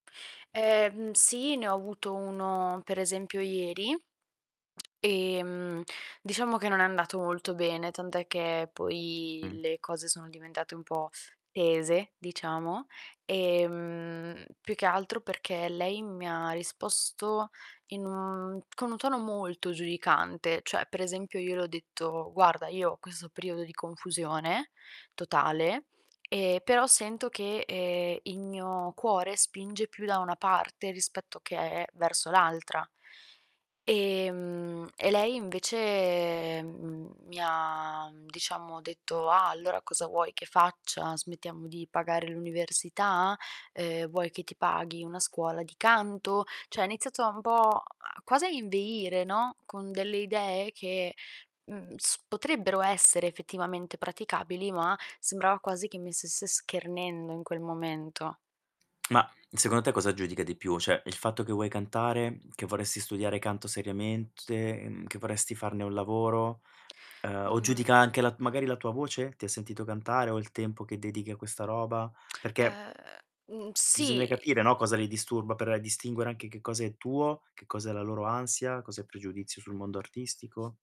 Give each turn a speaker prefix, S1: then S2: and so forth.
S1: Ehm, mhmm, sì, ne ho avuto uno per esempio ieri, ehm, diciamo che non è andato molto bene, tant'è che poi
S2: Mh.
S1: le cose sono diventate un po' tese, diciamo. Ehm, più che altro, perché lei mi ha risposto in un, mhmm, con un tono molto giudicante. Cioè, per esempio io le ho detto: "Guarda, io ho questo periodo di confusione, totale, ehm, però sento che, ehm, il mio cuore spinge più da una parte rispetto che verso l'altra". Ehm, e lei invece, mhmm, mi ha, diciamo, detto: "Ah, allora cosa vuoi che faccia? Smettiamo di pagare l'università? Uhm, vuoi che ti paghi una scuola di canto?" Cioè ha iniziato un po' quasi a inveire, no, con delle idee che, mhmm, s potrebbero essere effettivamente praticabili, ma sembrava quasi che mi stesse schernendo in quel momento.
S2: Ma, secondo te cosa giudica di più? Cioè il fatto che vuoi cantare, che vorresti studiare canto seriamente, che vorresti farne un lavoro? Uhm, o giudica
S1: Mhmm
S2: anche la magari la tua voce? Ti ha sentito cantare o il tempo che dedichi a questa roba? Perché
S1: Ehm, mhmm,
S2: bisogna
S1: sì
S2: capire, no, cosa li disturba per distinguere anche che cosa è tuo, che cosa è la loro ansia, cos'è pregiudizio sul mondo artistico.